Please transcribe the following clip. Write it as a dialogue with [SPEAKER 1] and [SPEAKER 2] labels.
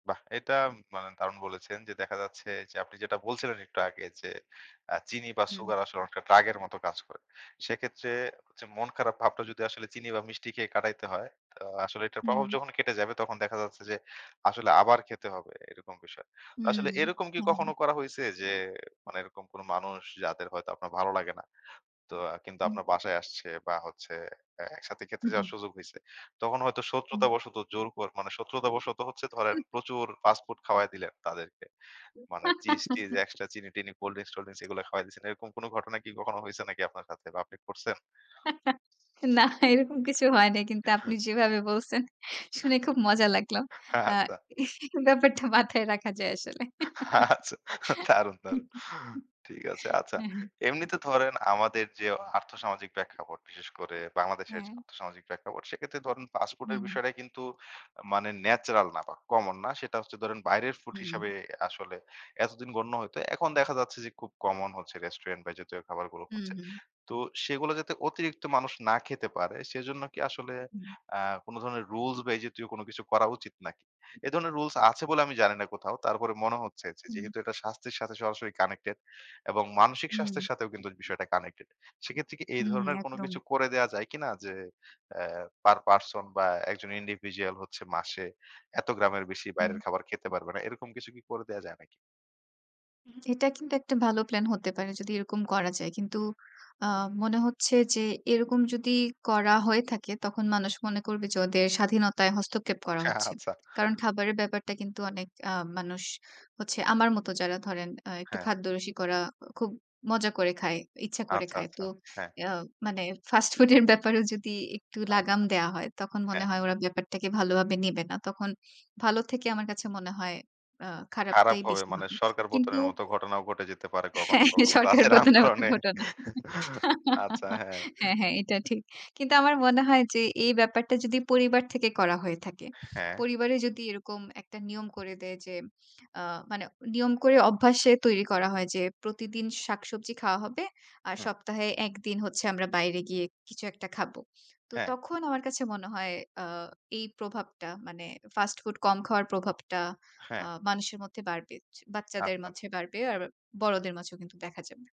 [SPEAKER 1] বাহ! এটা মানে দারুণ বলেছেন যে দেখা যাচ্ছে যে আপনি যেটা বলছিলেন একটু আগে যে অ্যা চিনি বা
[SPEAKER 2] হুম।
[SPEAKER 1] সুগার আসলে অনেকটা ড্রাগ এর মত কাজ করে। সেক্ষেত্রে যে মন খারাপ ভাবটা যদি আসলে চিনি বা মিষ্টি খেয়ে কাটাইতে হয়, আ আসলে এটার প্রভাব
[SPEAKER 2] হুম।
[SPEAKER 1] যখন কেটে যাবে তখন দেখা যাচ্ছে যে আসলে আবার খেতে হবে এরকম বিষয়। তো আসলে
[SPEAKER 2] হুম।
[SPEAKER 1] এরকম কি
[SPEAKER 2] হ্যাঁ,
[SPEAKER 1] কখনো
[SPEAKER 2] হ্যাঁ।
[SPEAKER 1] করা হইছে যে মানে এরকম কোনো মানুষ যাদের হয়তো আপনার ভালো লাগে না। তো কিন্তু
[SPEAKER 2] হুম।
[SPEAKER 1] আপনার বাসায় আসছে বা হচ্ছে এ একসাথে খেতে
[SPEAKER 2] হুম, হুম।
[SPEAKER 1] যাওয়ার সুযোগ হইছে। তখন হয়তো শত্রুতা
[SPEAKER 2] হুম।
[SPEAKER 1] বশত জোর করে মানে শত্রুতা বশত হচ্ছে ধরেন প্রচুর ফাস্ট ফুড খাওয়ায় দিলেন তাদেরকে। মানে চিজ-টিজ এক্সট্রা চিনি-টিনি, কোল্ড ড্রিংকস-টোল্ড ড্রিংকস এগুলো খাওয়ায়ে দিয়েছেন। এরকম কোনো ঘটনা কি কখনো হয়েছে নাকি আপনার সাথে বা আপনি করছেন?
[SPEAKER 2] না এরকম কিছু হয় নাই। কিন্তু আপনি
[SPEAKER 1] হ্যাঁ।
[SPEAKER 2] যেভাবে বলছেন শুনে খুব মজা লাগল। আ
[SPEAKER 1] আচ্ছা।
[SPEAKER 2] ব্যাপারটা মাথায় রাখা যায় আসলে।
[SPEAKER 1] আচ্ছা দারুন দারুন। ঠিক আছে। আচ্ছা।
[SPEAKER 2] হ্যাঁ, হ্যাঁ।
[SPEAKER 1] এমনিতে ধরেন আমাদের যে আর্থসামাজিক প্রেক্ষাপট বিশেষ করে বাংলাদেশের যে
[SPEAKER 2] হ্যাঁ।
[SPEAKER 1] আর্থসামাজিক প্রেক্ষাপট সেক্ষেত্রে ধরেন ফাস্টফুড এর
[SPEAKER 2] হুম।
[SPEAKER 1] বিষয়টা কিন্তু মানে ন্যাচারাল না বা কমন না। সেটা হচ্ছে ধরেন বাইরের ফুড
[SPEAKER 2] হুম।
[SPEAKER 1] হিসেবে আসলে এতদিন গণ্য হইত। এখন দেখা যাচ্ছে যে খুব কমন হচ্ছে রেস্টুরেন্ট বা এ জাতীয় খাবারগুলো
[SPEAKER 2] হুম,
[SPEAKER 1] হচ্ছে।
[SPEAKER 2] হুম।
[SPEAKER 1] তো সেগুলা যাতে অতিরিক্ত মানুষ না খেতে পারে সেজন্য কি আসলে
[SPEAKER 2] হুম।
[SPEAKER 1] অ্যা কোনো ধরণের রুলস বা এই জাতীয় কোনো কিছু করা উচিত নাকি? এ ধরনের রুলস আছে বলে আমি জানি না কোথাও। তারপরে মনে হচ্ছে যে
[SPEAKER 2] হুম।
[SPEAKER 1] যেহেতু এটা স্বাস্থ্যের সাথে সরাসরি কানেক্টেড এবং মানসিক
[SPEAKER 2] হুম।
[SPEAKER 1] স্বাস্থ্যের সাথেও কিন্তু বিষয়টা কানেক্টেড। সেক্ষেত্রে কি এই
[SPEAKER 2] হুম,
[SPEAKER 1] ধরনের কোনো
[SPEAKER 2] একদম।
[SPEAKER 1] কিছু করে দেওয়া যায় কিনা যে অ্যা পার পারসন বা একজন individual হচ্ছে মাসে এত গ্রামের বেশি বাইরের
[SPEAKER 2] হুম।
[SPEAKER 1] খাবার খেতে পারবে না। এরকম কিছু কি করে দেওয়া যায় নাকি?
[SPEAKER 2] এটা কিন্তু একটা ভালো প্ল্যান হতে পারে যদি এরকম করা যায়। কিন্তু আ মনে হচ্ছে যে এরকম যদি করা হয়ে থাকে, তখন মানুষ মনে করবে যে ওদের স্বাধীনতায় হস্তক্ষেপ করা
[SPEAKER 1] হ্যাঁ
[SPEAKER 2] হচ্ছে।
[SPEAKER 1] আচ্ছা।
[SPEAKER 2] কারণ খাবারের ব্যাপারটা কিন্তু অনেক আ মানুষ হচ্ছে আমার মত যারা ধরেন আ একটু
[SPEAKER 1] হ্যাঁ।
[SPEAKER 2] খাদ্যরসিক ওরা খুব মজা করে খায়, ইচ্ছা করে
[SPEAKER 1] আচ্ছা,
[SPEAKER 2] খায়।
[SPEAKER 1] আচ্ছা,
[SPEAKER 2] তো
[SPEAKER 1] হ্যাঁ।
[SPEAKER 2] এ আ মানে ফাস্ট ফুড এর ব্যাপারেও যদি একটু লাগাম
[SPEAKER 1] আচ্ছা।
[SPEAKER 2] দেয়া হয়, তখন মনে
[SPEAKER 1] হ্যাঁ।
[SPEAKER 2] হয় ওরা ব্যাপারটাকে ভালোভাবে নেবে না। তখন ভালো থেকে আমার কাছে মনে হয় আ
[SPEAKER 1] খারাপ
[SPEAKER 2] খারাপটাই
[SPEAKER 1] হবে
[SPEAKER 2] বেশি
[SPEAKER 1] মানে
[SPEAKER 2] হবে।
[SPEAKER 1] সরকার
[SPEAKER 2] কিন্তু
[SPEAKER 1] পতনের মতো ঘটনাও ঘটে যেতে পারে কখনো,
[SPEAKER 2] হ্যাঁ
[SPEAKER 1] কখনো।
[SPEAKER 2] সরকার
[SPEAKER 1] দাসের
[SPEAKER 2] পতনের মত
[SPEAKER 1] আন্দোলনে।
[SPEAKER 2] ঘটনা।
[SPEAKER 1] আচ্ছা, হ্যাঁ।
[SPEAKER 2] হ্যাঁ, হ্যাঁ এটা ঠিক। কিন্তু আমার মনে হয় যে এই ব্যাপারটা যদি পরিবার থেকে করা হয়ে থাকে,
[SPEAKER 1] হ্যাঁ।
[SPEAKER 2] পরিবারে যদি এরকম একটা নিয়ম করে দেয় যে আ মানে নিয়ম করে অভ্যাসে তৈরি করা হয় যে প্রতিদিন শাকসবজি খাওয়া হবে। আর
[SPEAKER 1] হুম।
[SPEAKER 2] সপ্তাহে ১ দিন হচ্ছে আমরা বাইরে গিয়ে কিছু একটা খাবো। তো
[SPEAKER 1] হ্যাঁ।
[SPEAKER 2] তখন আমার কাছে মনে হয় আ এই প্রভাবটা মানে ফাস্ট ফুড কম খাওয়ার প্রভাবটা আ
[SPEAKER 1] হ্যাঁ।
[SPEAKER 2] মানুষের মধ্যে বাড়বে, চ বাচ্চাদের
[SPEAKER 1] আচ্ছা, আচ
[SPEAKER 2] মাঝে বাড়বে আর বড়দের মাঝেও কিন্তু দেখা যাবে।